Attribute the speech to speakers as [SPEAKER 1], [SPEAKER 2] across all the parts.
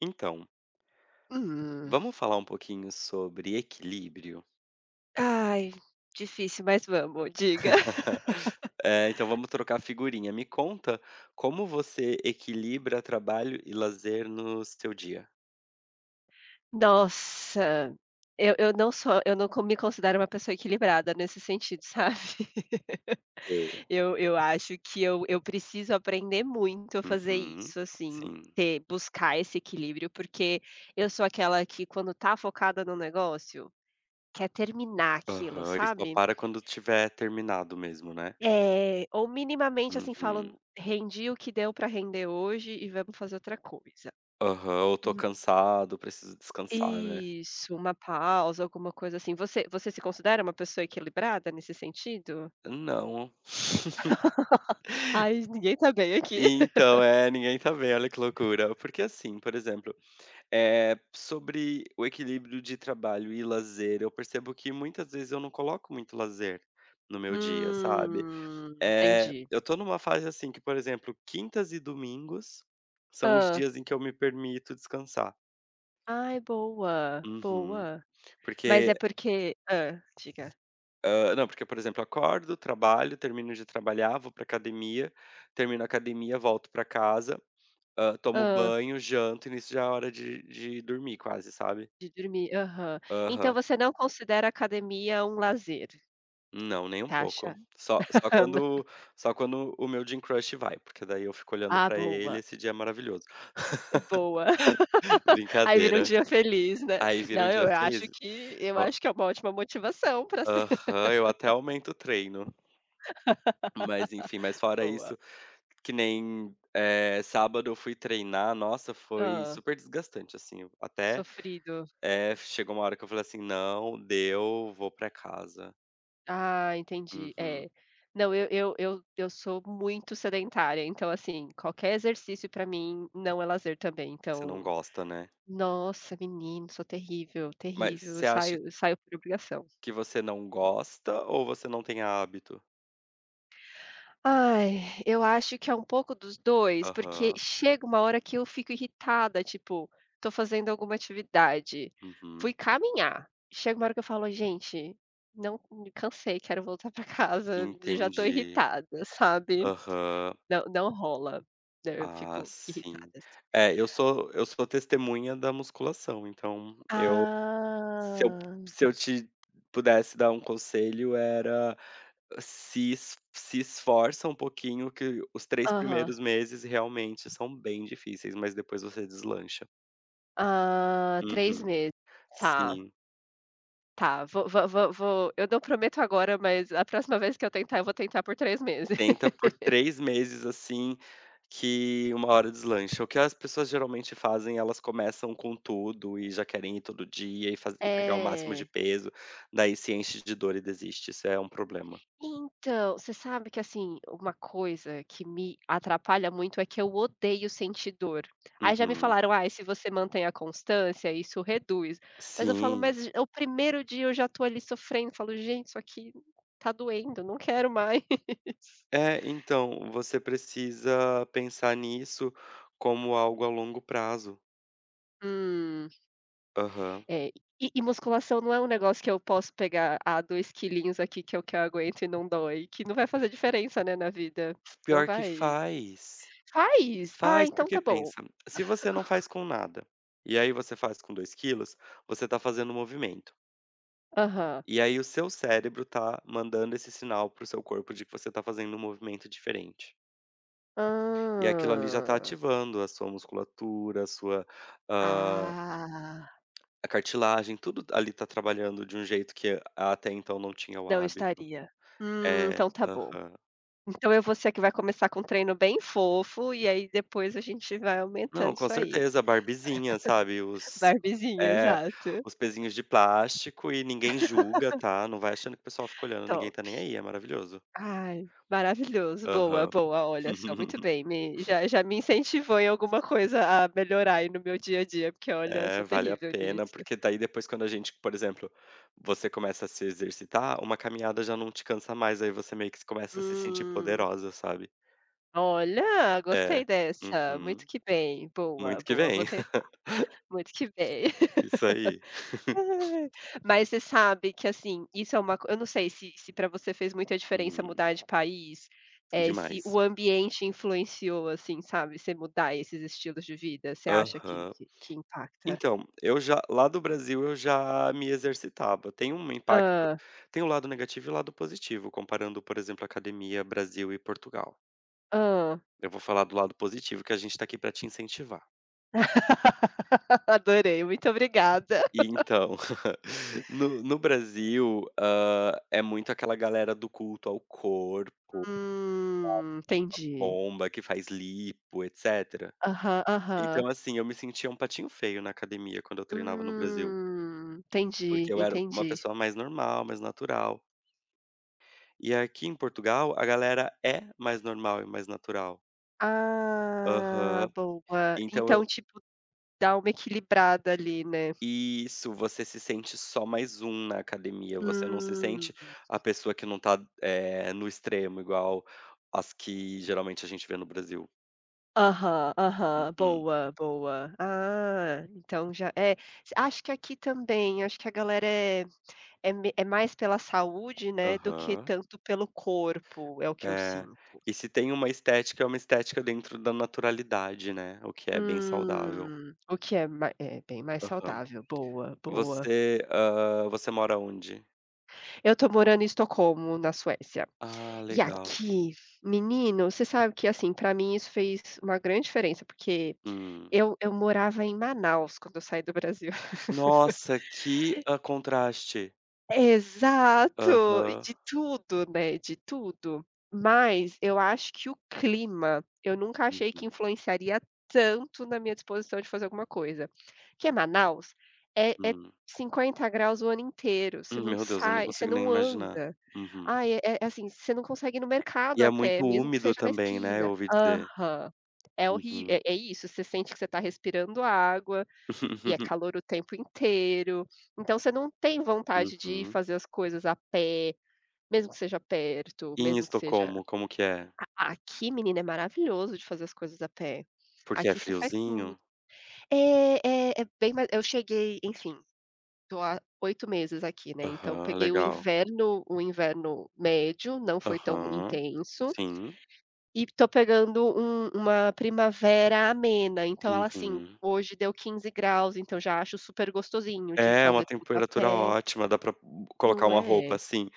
[SPEAKER 1] Então.
[SPEAKER 2] Hum.
[SPEAKER 1] Vamos falar um pouquinho sobre equilíbrio?
[SPEAKER 2] Ai, difícil, mas vamos, diga.
[SPEAKER 1] Eh, então vamos trocar figurinha, me conta como você equilibra trabalho e lazer no seu dia?
[SPEAKER 2] Nossa, eu eu não sou eu não con não me considero uma pessoa equilibrada nesse sentido, sabe?
[SPEAKER 1] Sei.
[SPEAKER 2] Eu eu acho que eu eu preciso aprender muito a fazer
[SPEAKER 1] Uhum.
[SPEAKER 2] isso, assim,
[SPEAKER 1] Sim.
[SPEAKER 2] ter buscar esse equilíbrio, porque eu sou aquela que quando tá focada no negócio, quer terminar aquilo,
[SPEAKER 1] Aham. E só
[SPEAKER 2] sabe?
[SPEAKER 1] para quando tiver terminado mesmo, né?
[SPEAKER 2] É. Ou, minimamente, assim,
[SPEAKER 1] Uhum.
[SPEAKER 2] falando "Rendi o que deu para render hoje e vamos fazer outra coisa".
[SPEAKER 1] Aham, ou "Tô cansado, preciso descansar", né?
[SPEAKER 2] Isso, uma pausa, alguma coisa assim. Você você se considera uma pessoa equilibrada nesse sentido?
[SPEAKER 1] Não.
[SPEAKER 2] Ai, g ninguém tá bem aqui.
[SPEAKER 1] Então, é, ninguém tá bem. Olha que loucura. Porque assim, por exemplo, eh, sobre o equilíbrio de trabalho e lazer, eu percebo que muitas vezes eu não coloco muito lazer no meu dia, sabe?
[SPEAKER 2] Hum,
[SPEAKER 1] Eh,
[SPEAKER 2] entendi.
[SPEAKER 1] eu tô numa fase assim que, por exemplo, quintas e domingos são os
[SPEAKER 2] Hã.
[SPEAKER 1] dias em que eu me permito descansar.
[SPEAKER 2] Ai, é boa.
[SPEAKER 1] Uhum.
[SPEAKER 2] Boa. Mas
[SPEAKER 1] Porque
[SPEAKER 2] é porque hã. Diga.
[SPEAKER 1] Ah, não, porque, por exemplo, eu acordo, trabalho, termino de trabalhar, vou para a academia, termino a academia, volto pra casa, hã, tomo
[SPEAKER 2] Hã.
[SPEAKER 1] banho, janto e nisso já é hora de de dormir, quase, sabe?
[SPEAKER 2] De dormir. Aham. Então
[SPEAKER 1] Aham.
[SPEAKER 2] você não considera a academia um lazer.
[SPEAKER 1] Não, nem um
[SPEAKER 2] Taxa.
[SPEAKER 1] pouco. Só só
[SPEAKER 2] N
[SPEAKER 1] quando só quando o meu gym crush vai, porque daí eu fico olhando
[SPEAKER 2] Ah,
[SPEAKER 1] pra ele
[SPEAKER 2] boa.
[SPEAKER 1] esse dia é maravilhoso.
[SPEAKER 2] E boa. Aí vira um
[SPEAKER 1] Brincadeira.
[SPEAKER 2] dia feliz, né?
[SPEAKER 1] Aí vira um
[SPEAKER 2] Não, e eu
[SPEAKER 1] dia
[SPEAKER 2] acho
[SPEAKER 1] feliz.
[SPEAKER 2] que eu
[SPEAKER 1] O
[SPEAKER 2] acho que é uma ótima motivação pra se
[SPEAKER 1] Aham, eu até aumento o treino. Mas enfim mas fora
[SPEAKER 2] Boa.
[SPEAKER 1] isso que nem, eh, sábado eu fui treinar nossa, foi
[SPEAKER 2] Hã.
[SPEAKER 1] super desgastante assim, até
[SPEAKER 2] Sofrido.
[SPEAKER 1] é, chegou uma hora que eu falei assim: "Não. Deu. Vou pra casa."
[SPEAKER 2] Ah, entendi.
[SPEAKER 1] Uhum.
[SPEAKER 2] É. Não, eu eu eu eu sou muito sedentária, então assim, qualquer exercício pra mim não é lazer também,
[SPEAKER 1] Você não
[SPEAKER 2] então.
[SPEAKER 1] gosta, né?
[SPEAKER 2] Nossa, menino, eu sou terrível,
[SPEAKER 1] Mas,
[SPEAKER 2] terrível. Eu
[SPEAKER 1] você acha
[SPEAKER 2] saio saio por obrigação.
[SPEAKER 1] que você não gosta ou você não tem hábito?
[SPEAKER 2] Ai, eu acho que é um pouco dos 2, porque
[SPEAKER 1] Aham.
[SPEAKER 2] chega uma hora que eu fico irritada, tipo, tô fazendo alguma atividade,
[SPEAKER 1] Uhum.
[SPEAKER 2] fui caminhar. Chega uma hora que eu falo gente, não me cansei, quero voltar para casa, já estou
[SPEAKER 1] Entendi.
[SPEAKER 2] irritada, sabe?
[SPEAKER 1] Aham.
[SPEAKER 2] Não, não rola, né? Eu
[SPEAKER 1] Ah,
[SPEAKER 2] fico
[SPEAKER 1] sim.
[SPEAKER 2] irritada.
[SPEAKER 1] É, eu sou eu sou testemunha da musculação. Então eu, se eu
[SPEAKER 2] Ah.
[SPEAKER 1] se eu te pudesse dar um conselho, era se es se esforça um pouquinho que os 3
[SPEAKER 2] Aham.
[SPEAKER 1] primeiros meses realmente são bem difíceis, mas depois você deslancha.
[SPEAKER 2] Ah, 3
[SPEAKER 1] Uhum,
[SPEAKER 2] meses, tá.
[SPEAKER 1] sim.
[SPEAKER 2] Tá, vou vou vou vou, eu não prometo agora, mas a próxima vez que eu tentar, eu vou tentar por 3 meses.
[SPEAKER 1] Tenta por 3 meses assim, que uma hora deslancha, o que as pessoas geralmente fazem elas começam com tudo e já querem ir todo dia e faz e pegar o máximo de
[SPEAKER 2] É.
[SPEAKER 1] peso. Daí se enche de dor e desiste. Isso é um problema.
[SPEAKER 2] Então, você sabe que assim, uma coisa que me atrapalha muito, é que eu odeio sentir dor. Aí já me
[SPEAKER 1] Uhum.
[SPEAKER 2] falaram ai, se você mantém a constância, isso reduz, mas eu falo,
[SPEAKER 1] Sim.
[SPEAKER 2] mas, o primeiro dia eu já estou ali sofrendo, falo gente, isso aqui tá doendo, não quero mais.
[SPEAKER 1] É, então você precisa pensar nisso como algo a longo prazo.
[SPEAKER 2] Hum.
[SPEAKER 1] Aham.
[SPEAKER 2] É, e e musculação não é um negócio que eu posso pegar "Ah, 2 quilinhos aqui, que é o que eu aguento e não dói", que não vai fazer diferença, né? Na vida, não
[SPEAKER 1] Pior que
[SPEAKER 2] vai
[SPEAKER 1] faz,
[SPEAKER 2] Faz? Ah,
[SPEAKER 1] faz,
[SPEAKER 2] então
[SPEAKER 1] porque,
[SPEAKER 2] tá bom.
[SPEAKER 1] pensa, se você não faz com nada e aí você faz com 2 quilos, você está fazendo um movimento
[SPEAKER 2] Aham.
[SPEAKER 1] e aí o seu cérebro está mandando esse sinal para o seu corpo de que você está fazendo um movimento diferente e aquilo ali já está
[SPEAKER 2] Hã.
[SPEAKER 1] ativando a sua musculatura, a sua, hã,
[SPEAKER 2] Ah.
[SPEAKER 1] a cartilagem, tudo t ali está trabalhando de um jeito que, até então, não tinha o
[SPEAKER 2] Não
[SPEAKER 1] hábito.
[SPEAKER 2] estaria. Hum,
[SPEAKER 1] É.
[SPEAKER 2] então tá bom.
[SPEAKER 1] Aham.
[SPEAKER 2] Então eu vou ser a que vai começar com um treino bem fofo e aí depois a gente vai
[SPEAKER 1] Não,
[SPEAKER 2] aumentando
[SPEAKER 1] com
[SPEAKER 2] isso aí.
[SPEAKER 1] certeza, Barbiezinha, sabe, os
[SPEAKER 2] Barbiezinha,
[SPEAKER 1] É,
[SPEAKER 2] exato.
[SPEAKER 1] os pezinhos de plástico e ninguém julga, tá? Não vai achando que o pessoal fica olhando. Ninguém
[SPEAKER 2] Top.
[SPEAKER 1] está nem aí, é maravilhoso.
[SPEAKER 2] Ai, maravilhoso, boa,
[SPEAKER 1] Aham.
[SPEAKER 2] boa. Olha só, muito bem, me já já me incentivou em alguma coisa a melhorar aí no meu dia a dia, porque olha,
[SPEAKER 1] É,
[SPEAKER 2] sou
[SPEAKER 1] vale a
[SPEAKER 2] terrível
[SPEAKER 1] pena,
[SPEAKER 2] nisso.
[SPEAKER 1] porque daí, depois, quando a gente por exemplo, você começa a se exercitar, uma caminhada já não te cansa mais. Aí você meio que se começa a se sentir
[SPEAKER 2] Hum.
[SPEAKER 1] poderosa, sabe?
[SPEAKER 2] Olha,
[SPEAKER 1] É,
[SPEAKER 2] gostei dessa, muito
[SPEAKER 1] uhum.
[SPEAKER 2] que bem, boa,
[SPEAKER 1] Muito que
[SPEAKER 2] boa, vou
[SPEAKER 1] vem.
[SPEAKER 2] tentar. Muito que bem.
[SPEAKER 1] Isso aí.
[SPEAKER 2] Ai. Mas você sabe que, assim, isso é uma co eu não sei se se pra você fez muita diferença
[SPEAKER 1] Hum.
[SPEAKER 2] mudar de país? Eh, se o
[SPEAKER 1] Demais.
[SPEAKER 2] ambiente influenciou, assim, sabe, você mudar esses estilos de vida. Você acha que
[SPEAKER 1] Aham.
[SPEAKER 2] que que impacta?
[SPEAKER 1] Então, eu já lá do Brasil, eu já me exercitava, tem um impacto
[SPEAKER 2] Hã.
[SPEAKER 1] tem o lado negativo e o lado positivo, comparando, por exemplo, a academia Brasil e Portugal.
[SPEAKER 2] Hã.
[SPEAKER 1] Eu vou falar do lado positivo que a gente tá aqui para te incentivar.
[SPEAKER 2] Adorei, muito obrigada.
[SPEAKER 1] E, então, no no Brasil, hã, é muito aquela galera do culto ao corpo, sabe? Usa
[SPEAKER 2] Hum, entendi.
[SPEAKER 1] bomba, que faz lipo, etc.
[SPEAKER 2] Aham,
[SPEAKER 1] Então,
[SPEAKER 2] aham.
[SPEAKER 1] assim, eu me sentia um patinho feio na academia, quando eu treinava no Brasil.
[SPEAKER 2] Hum, entendi,
[SPEAKER 1] Porque eu era uma
[SPEAKER 2] entendi.
[SPEAKER 1] pessoa mais normal, mais natural. E aqui em Portugal, a galera é mais normal, é mais natural.
[SPEAKER 2] Ah,
[SPEAKER 1] Aham,
[SPEAKER 2] boa.
[SPEAKER 1] então
[SPEAKER 2] Então,
[SPEAKER 1] eu
[SPEAKER 2] tipo, dá uma equilibrada ali, né.
[SPEAKER 1] Isso, você se sente só mais um na academia, você não se
[SPEAKER 2] Hum.
[SPEAKER 1] sente a pessoa que não tá, eh, no extremo igual as que geralmente a gente vê no Brasil.
[SPEAKER 2] Aham, aham,
[SPEAKER 1] Uhum.
[SPEAKER 2] boa, boa. Ah, então já é, acho que aqui também, acho que a galera é é me é mais pela saúde, né, do que
[SPEAKER 1] Aham.
[SPEAKER 2] tanto pelo corpo, é o que eu
[SPEAKER 1] É.
[SPEAKER 2] sinto.
[SPEAKER 1] E se tem uma estética, é uma estética dentro da naturalidade, né? O que é bem saudável.
[SPEAKER 2] Hum, o que é ma é bem mais
[SPEAKER 1] Aham,
[SPEAKER 2] saudável, boa boa.
[SPEAKER 1] você hã, você mora aonde?
[SPEAKER 2] Eu tô morando em Estocolmo, na Suécia.
[SPEAKER 1] Ah,
[SPEAKER 2] E
[SPEAKER 1] legal.
[SPEAKER 2] aqui menino, você sabe que assim, pra mim isso fez uma grande diferença, porque
[SPEAKER 1] Hum.
[SPEAKER 2] eu eu morava em Manaus quando eu saí do Brasil.
[SPEAKER 1] Nossa, que ah contraste!
[SPEAKER 2] Exato. E
[SPEAKER 1] Aham.
[SPEAKER 2] de tudo, né, de tudo. Mas, eu acho que o clima eu nunca achei que
[SPEAKER 1] Uhum.
[SPEAKER 2] influenciaria tanto na minha disposição de fazer alguma coisa. Que é Manaus é é
[SPEAKER 1] Hum.
[SPEAKER 2] 50º C o ano inteiro. Você
[SPEAKER 1] Hum,
[SPEAKER 2] não
[SPEAKER 1] meu Deus, eu não
[SPEAKER 2] sai, você
[SPEAKER 1] consigo nem
[SPEAKER 2] não
[SPEAKER 1] imaginar.
[SPEAKER 2] anda.
[SPEAKER 1] Uhum.
[SPEAKER 2] Ah, é é assim, você não consegue ir no mercado
[SPEAKER 1] E
[SPEAKER 2] a
[SPEAKER 1] é
[SPEAKER 2] pé,
[SPEAKER 1] muito
[SPEAKER 2] mesmo que
[SPEAKER 1] úmido
[SPEAKER 2] seja na
[SPEAKER 1] também, né, eu
[SPEAKER 2] esquina.
[SPEAKER 1] ouvi dizer.
[SPEAKER 2] Aham. É horrível
[SPEAKER 1] Uhum.
[SPEAKER 2] é é isso, você sente que você tá respirando água e é calor o tempo inteiro. Então você não tem vontade de ir
[SPEAKER 1] Uhum.
[SPEAKER 2] fazer as coisas a pé, mesmo que seja perto,
[SPEAKER 1] E em
[SPEAKER 2] mesmo que seja
[SPEAKER 1] Estocolmo, como que é?
[SPEAKER 2] a aqui menino, é maravilhoso de fazer as coisas a pé.
[SPEAKER 1] Porque é
[SPEAKER 2] Aqui você faz tudo.
[SPEAKER 1] friozinho?
[SPEAKER 2] É é é bem mais eu cheguei, enfim. Tô há 8 meses aqui, né? Então
[SPEAKER 1] Aham,
[SPEAKER 2] peguei o
[SPEAKER 1] legal.
[SPEAKER 2] inverno o inverno médio, não foi tão
[SPEAKER 1] Aham.
[SPEAKER 2] intenso
[SPEAKER 1] Sim.
[SPEAKER 2] e tô pegando um uma primavera amena. Então ela assim,
[SPEAKER 1] Uhum.
[SPEAKER 2] hoje deu 15º C, então já acho super gostosinho de
[SPEAKER 1] É uma
[SPEAKER 2] fazer tudo a
[SPEAKER 1] temperatura
[SPEAKER 2] pé.
[SPEAKER 1] ótima. Dá pra colocar
[SPEAKER 2] Não
[SPEAKER 1] uma roupa,
[SPEAKER 2] é?
[SPEAKER 1] assim,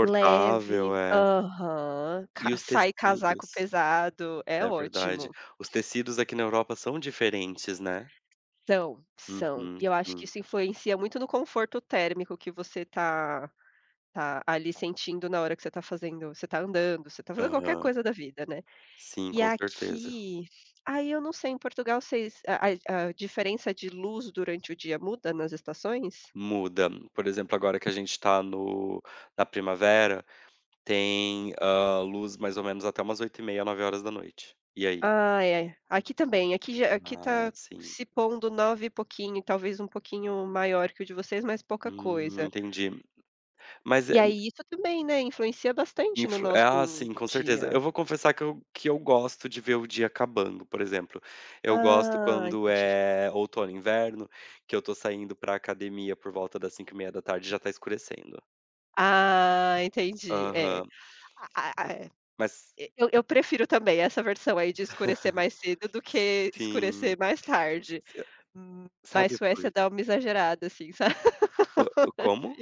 [SPEAKER 2] Leve.
[SPEAKER 1] é.
[SPEAKER 2] Aham. Ca
[SPEAKER 1] E os
[SPEAKER 2] sai casaco
[SPEAKER 1] tecidos.
[SPEAKER 2] pesado, é
[SPEAKER 1] É verdade.
[SPEAKER 2] ótimo.
[SPEAKER 1] Os tecidos aqui na Europa são diferentes, né?
[SPEAKER 2] São,
[SPEAKER 1] Uhum,
[SPEAKER 2] são. E eu acho que
[SPEAKER 1] sim.
[SPEAKER 2] isso influencia muito no conforto térmico que você tá tá ali sentindo na hora que você tá fazendo você tá andando, você tá fazendo qualquer
[SPEAKER 1] Aham.
[SPEAKER 2] coisa da vida, né.
[SPEAKER 1] Sim,
[SPEAKER 2] E
[SPEAKER 1] com certeza.
[SPEAKER 2] aqui aí eu não sei em Portugal, vocês a a a diferença de luz durante o dia muda nas estações?
[SPEAKER 1] Muda. Por exemplo, agora que a gente tá no na primavera, tem, hã, luz, mais ou menos até umas 20h30, 21h. E aí?
[SPEAKER 2] Ah, é. Aqui também. Aqui já aqui
[SPEAKER 1] Ah,
[SPEAKER 2] tá
[SPEAKER 1] sim.
[SPEAKER 2] se pondo 9 e pouquinho, talvez um pouquinho maior que o de vocês, mas pouca
[SPEAKER 1] Hum,
[SPEAKER 2] coisa.
[SPEAKER 1] entendi. Mas é
[SPEAKER 2] E
[SPEAKER 1] na
[SPEAKER 2] aí isso também, né, influencia bastante no
[SPEAKER 1] Influ ah,
[SPEAKER 2] nosso
[SPEAKER 1] sim, com certeza.
[SPEAKER 2] dia.
[SPEAKER 1] Eu vou confessar que eu que eu gosto de ver o dia acabando, por exemplo. Eu gosto
[SPEAKER 2] Ah,
[SPEAKER 1] quando
[SPEAKER 2] entendi.
[SPEAKER 1] é outono, inverno, que eu tô saindo para a academia por volta das 17h30 e já tá escurecendo.
[SPEAKER 2] Ah, entendi é
[SPEAKER 1] Aham.
[SPEAKER 2] a é,
[SPEAKER 1] Mas
[SPEAKER 2] e e eu eu prefiro também essa versão aí de escurecer mais cedo do que
[SPEAKER 1] Sim.
[SPEAKER 2] escurecer mais tarde,
[SPEAKER 1] [unintelligible]
[SPEAKER 2] hum, ma mas, a
[SPEAKER 1] Sabe por
[SPEAKER 2] Suécia dá uma exagerada, assim, sabe?
[SPEAKER 1] Ah, como?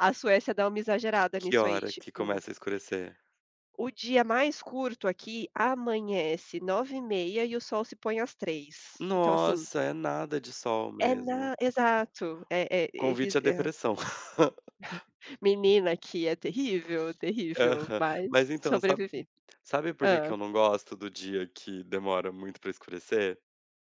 [SPEAKER 2] A Suécia dá uma exagerada
[SPEAKER 1] Que
[SPEAKER 2] nisso aí,
[SPEAKER 1] hora que
[SPEAKER 2] tipo
[SPEAKER 1] começa a escurecer?
[SPEAKER 2] o dia mais curto aqui amanhece 9h30 e o sol se põe às 15h. Então, assim
[SPEAKER 1] Nossa, é nada de sol
[SPEAKER 2] É nada
[SPEAKER 1] mesmo.
[SPEAKER 2] exato é, é eles
[SPEAKER 1] Convite à depressão.
[SPEAKER 2] Menina, aqui é terrível, terrível,
[SPEAKER 1] Aham,
[SPEAKER 2] mas
[SPEAKER 1] mas então sabe
[SPEAKER 2] sobrevivi.
[SPEAKER 1] sabe por que que
[SPEAKER 2] Hã.
[SPEAKER 1] eu não gosto do dia que demora muito para escurecer?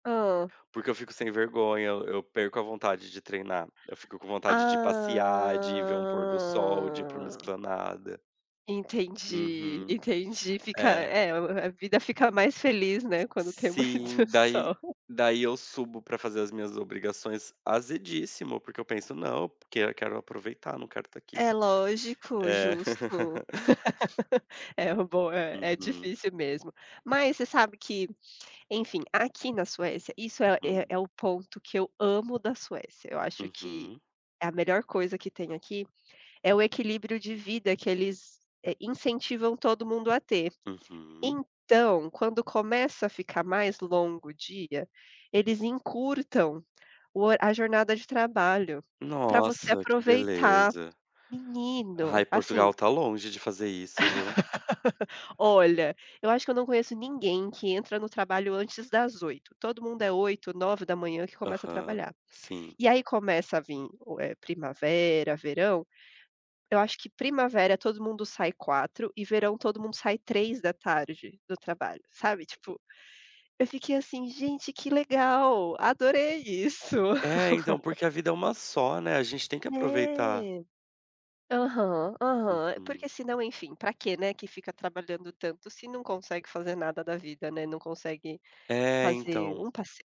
[SPEAKER 2] Hã.
[SPEAKER 1] Porque eu fico sem vergonha. Eu eu perco a vontade de treinar. Eu fico com vontade de ir passear, de ir ver um pôr do sol, de ir para uma
[SPEAKER 2] Ah!
[SPEAKER 1] esplanada.
[SPEAKER 2] Entendi,
[SPEAKER 1] Uhum,
[SPEAKER 2] entendi, fica
[SPEAKER 1] é.
[SPEAKER 2] é a vida fica mais feliz,
[SPEAKER 1] Si
[SPEAKER 2] né? Quando tem muito
[SPEAKER 1] sim, daí
[SPEAKER 2] sol.
[SPEAKER 1] daí eu subo para fazer as minhas obrigações azedíssimo, porque eu penso não, porque eu quero aproveitar, não quero estar aqui.
[SPEAKER 2] É lógico,
[SPEAKER 1] É.
[SPEAKER 2] justo. É bom, é, é
[SPEAKER 1] Uhum.
[SPEAKER 2] difícil mesmo, mas você sabe que, enfim, aqui na Suécia, isso é é
[SPEAKER 1] Hum.
[SPEAKER 2] é o ponto que eu amo da Suécia. Eu acho que
[SPEAKER 1] Uhum.
[SPEAKER 2] a melhor coisa que tem aqui é o equilíbrio de vida que eles, eh, incentivam todo mundo a ter.
[SPEAKER 1] Uhum.
[SPEAKER 2] Então, quando começa a ficar mais longo o dia, eles encurtam o a jornada de trabalho pra você
[SPEAKER 1] Nossa, que
[SPEAKER 2] aproveitar,
[SPEAKER 1] beleza. Ai,
[SPEAKER 2] menino,
[SPEAKER 1] Portugal
[SPEAKER 2] assim.
[SPEAKER 1] está longe de fazer isso, viu?
[SPEAKER 2] Olha, eu acho que eu não conheço ninguém que entra no trabalho antes das 8. Todo mundo é 8h, 9h que começa a
[SPEAKER 1] Aham,
[SPEAKER 2] trabalhar.
[SPEAKER 1] sim.
[SPEAKER 2] E aí começa a vim é primavera, verão. Eu acho que primavera todo mundo sai 16h e verão todo mundo sai 15h, do trabalho, sabe, tipo, eu fiquei assim, gente, que legal, adorei isso.
[SPEAKER 1] É, então, porque a vida é uma só, né? A gente tem que aproveitar.
[SPEAKER 2] É. Aham, aham, porque
[SPEAKER 1] Uhum.
[SPEAKER 2] se não, enfim, para quê, né, que fica trabalhando tanto se não consegue fazer nada da vida, né? Não consegue
[SPEAKER 1] É,
[SPEAKER 2] fazer
[SPEAKER 1] então.
[SPEAKER 2] um passeio,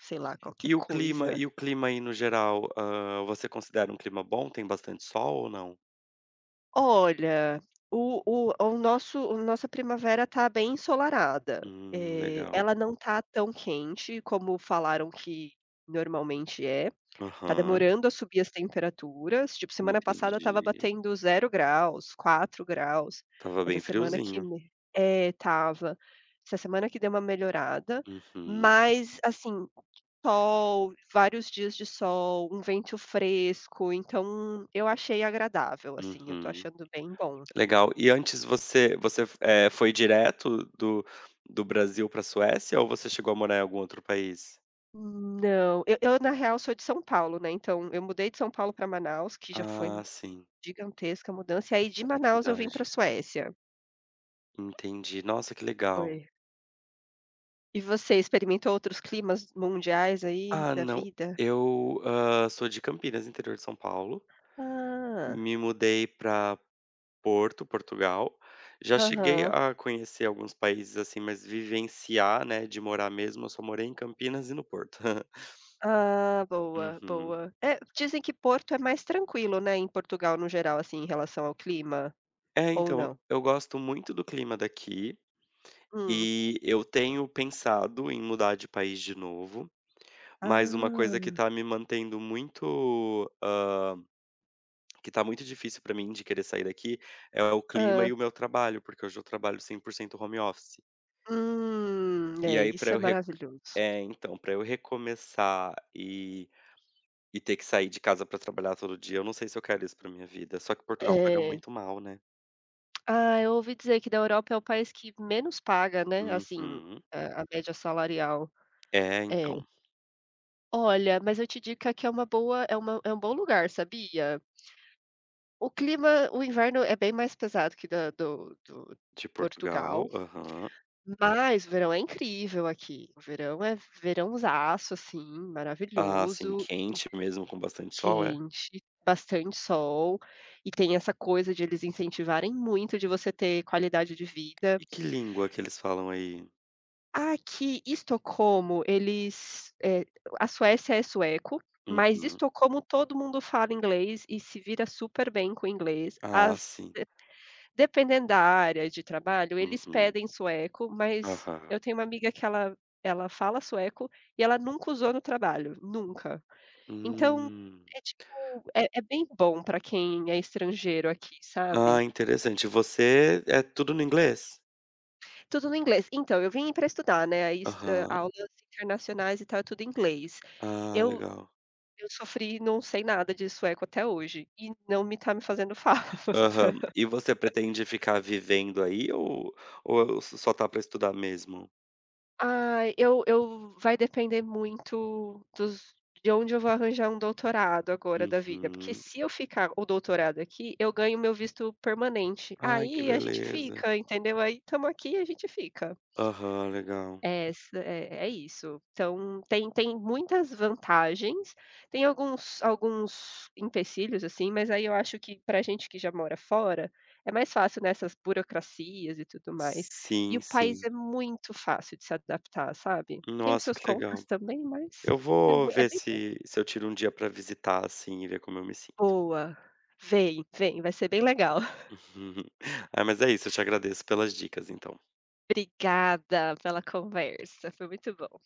[SPEAKER 2] sei lá, qualquer
[SPEAKER 1] Eh o clima
[SPEAKER 2] coisa.
[SPEAKER 1] e o clima aí no geral? Ah, você considera um clima bom, tem bastante sol ou não?
[SPEAKER 2] Olha o o o nosso o nossa primavera tá bem ensolarada,
[SPEAKER 1] Hum,
[SPEAKER 2] eh,
[SPEAKER 1] legal.
[SPEAKER 2] ela não tá tão quente como falaram que normalmente é. Tá
[SPEAKER 1] Uhum.
[SPEAKER 2] demorando a subir as temperaturas, tipo semana passada estava
[SPEAKER 1] Entendi.
[SPEAKER 2] batendo 0 graus, 4 graus.
[SPEAKER 1] Tava
[SPEAKER 2] Essa
[SPEAKER 1] bem
[SPEAKER 2] semana que
[SPEAKER 1] friozinho.
[SPEAKER 2] me é estava. Essa semana que deu uma melhorada,
[SPEAKER 1] Uhum.
[SPEAKER 2] mas assim sol, vários dias de sol, um vento fresco. Então eu achei agradável, assim, eu tô
[SPEAKER 1] Uhum.
[SPEAKER 2] achando bem bom.
[SPEAKER 1] Legal e antes você você eh, foi direto do do Brasil para a Suécia, ou você chegou a morar em algum outro país?
[SPEAKER 2] Não, eu eu na real eu sou de São Paulo, né? Então eu mudei de São Paulo para Manaus, que já foi
[SPEAKER 1] Ah, sim.
[SPEAKER 2] gigantesca a mudança. E aí de
[SPEAKER 1] É
[SPEAKER 2] Manaus eu vim para a
[SPEAKER 1] verdade.
[SPEAKER 2] Suécia.
[SPEAKER 1] Entendi, nossa que legal.
[SPEAKER 2] Foi. E você experimentou outros climas mundiais aí
[SPEAKER 1] Ah,
[SPEAKER 2] da
[SPEAKER 1] não,
[SPEAKER 2] vida?
[SPEAKER 1] eu ah, sou de Campinas, interior de São Paulo.
[SPEAKER 2] Ah.
[SPEAKER 1] Me mudei para Porto, Portugal. Já cheguei
[SPEAKER 2] Aham.
[SPEAKER 1] a conhecer alguns países assim, mas vivenciar, né? De morar mesmo, eu só morei em Campinas e no Porto.
[SPEAKER 2] Ah, boa,
[SPEAKER 1] Uhum.
[SPEAKER 2] boa. É, dizem que Porto é mais tranquilo, né? Em Portugal, no geral, assim, em relação ao clima.
[SPEAKER 1] É,
[SPEAKER 2] Ou
[SPEAKER 1] então
[SPEAKER 2] não?
[SPEAKER 1] eu gosto muito do clima daqui
[SPEAKER 2] Hum.
[SPEAKER 1] e eu tenho pensado em mudar de país de novo, mas uma coisa que
[SPEAKER 2] Ah.
[SPEAKER 1] tá me mantendo muito, hã, que está muito difícil para mim de querer sair daqui é o clima
[SPEAKER 2] Hã.
[SPEAKER 1] e o meu trabalho, porque hoje eu trabalho 100% home office.
[SPEAKER 2] Hum,
[SPEAKER 1] E
[SPEAKER 2] é
[SPEAKER 1] aí pra
[SPEAKER 2] isso é
[SPEAKER 1] eu re
[SPEAKER 2] maravilhoso.
[SPEAKER 1] é então pra eu recomeçar e e ter que sair de casa para trabalhar todo dia, eu não sei se eu quero isso pra minha vida. Só que Portugal paga
[SPEAKER 2] Eh.
[SPEAKER 1] muito mal, né?
[SPEAKER 2] Ah, eu ouvi dizer que da Europa é o país que menos paga, né? Assim
[SPEAKER 1] Uhum.
[SPEAKER 2] a a média salarial.
[SPEAKER 1] É,
[SPEAKER 2] É.
[SPEAKER 1] então.
[SPEAKER 2] Olha, mas eu te digo que aqui é uma boa é uma é um bom lugar, sabia? O clima o inverno é bem mais pesado que da do do
[SPEAKER 1] De Portugal,
[SPEAKER 2] Portugal,
[SPEAKER 1] aham.
[SPEAKER 2] mas o verão é incrível aqui. O verão é verãozaço, assim,
[SPEAKER 1] Ah, sim,
[SPEAKER 2] maravilhoso e
[SPEAKER 1] quente mesmo, com bastante sol, é?
[SPEAKER 2] quente, bastante sol, e tem essa coisa de eles incentivarem muito de você ter qualidade de vida.
[SPEAKER 1] E que língua que eles falam aí?
[SPEAKER 2] Aqui Estocolmo eles, eh, a Suécia é sueco, mas
[SPEAKER 1] Uhum.
[SPEAKER 2] Estocolmo todo mundo fala inglês e se vira super bem com o inglês,
[SPEAKER 1] Ah,
[SPEAKER 2] às
[SPEAKER 1] sim.
[SPEAKER 2] ve dependendo da área de trabalho, eles
[SPEAKER 1] Uhum.
[SPEAKER 2] pedem sueco, mas
[SPEAKER 1] Aham.
[SPEAKER 2] eu tenho uma amiga que ela ela fala sueco e ela nunca usou no trabalho, nunca. Então,
[SPEAKER 1] Hum.
[SPEAKER 2] é tipo, é é bem bom pra quem é estrangeiro aqui, sabe.
[SPEAKER 1] Ah, interessante, você é tudo no inglês?
[SPEAKER 2] Tudo no inglês. Então eu vim pra estudar, né, e ai
[SPEAKER 1] Aham.
[SPEAKER 2] aulas internacionais e tal, tudo em inglês.
[SPEAKER 1] Ah,
[SPEAKER 2] Eu
[SPEAKER 1] legal.
[SPEAKER 2] eu sofri, não sei nada de sueco até hoje, e não me tá me fazendo falta.
[SPEAKER 1] Aham e você pretende ficar vivendo aí ou ou só tá para estudar mesmo?
[SPEAKER 2] Ai, eu eu vai depender muito dos de onde eu vou arranjar um doutorado agora da vida, porque
[SPEAKER 1] Uhum.
[SPEAKER 2] se eu ficar o doutorado aqui, eu ganho o meu visto permanente,
[SPEAKER 1] Ai que
[SPEAKER 2] aí a gente
[SPEAKER 1] beleza.
[SPEAKER 2] fica, entendeu? Aí tamo aqui e a gente fica.
[SPEAKER 1] Aham, legal.
[SPEAKER 2] Essa, é é isso. Então tem tem muitas vantagens, tem alguns alguns empecilhos, assim, mas aí eu acho que para a gente que já mora fora, é mais fácil nessas burocracias e tudo mais. E
[SPEAKER 1] Sim
[SPEAKER 2] o país
[SPEAKER 1] sim.
[SPEAKER 2] é muito fácil de se adaptar, sabe? Tem os
[SPEAKER 1] Nossa,
[SPEAKER 2] seus
[SPEAKER 1] que
[SPEAKER 2] contras
[SPEAKER 1] legal!
[SPEAKER 2] também, mas
[SPEAKER 1] Eu
[SPEAKER 2] é
[SPEAKER 1] vou
[SPEAKER 2] mui é
[SPEAKER 1] ver
[SPEAKER 2] bem pouco.
[SPEAKER 1] se se eu tiro um dia para visitar assim e ver como eu me sinto.
[SPEAKER 2] Boa, vem vem, vai ser bem legal.
[SPEAKER 1] Ah, mas é isso, eu te agradeço pelas dicas, então.
[SPEAKER 2] Obrigada pela conversa, foi muito bom.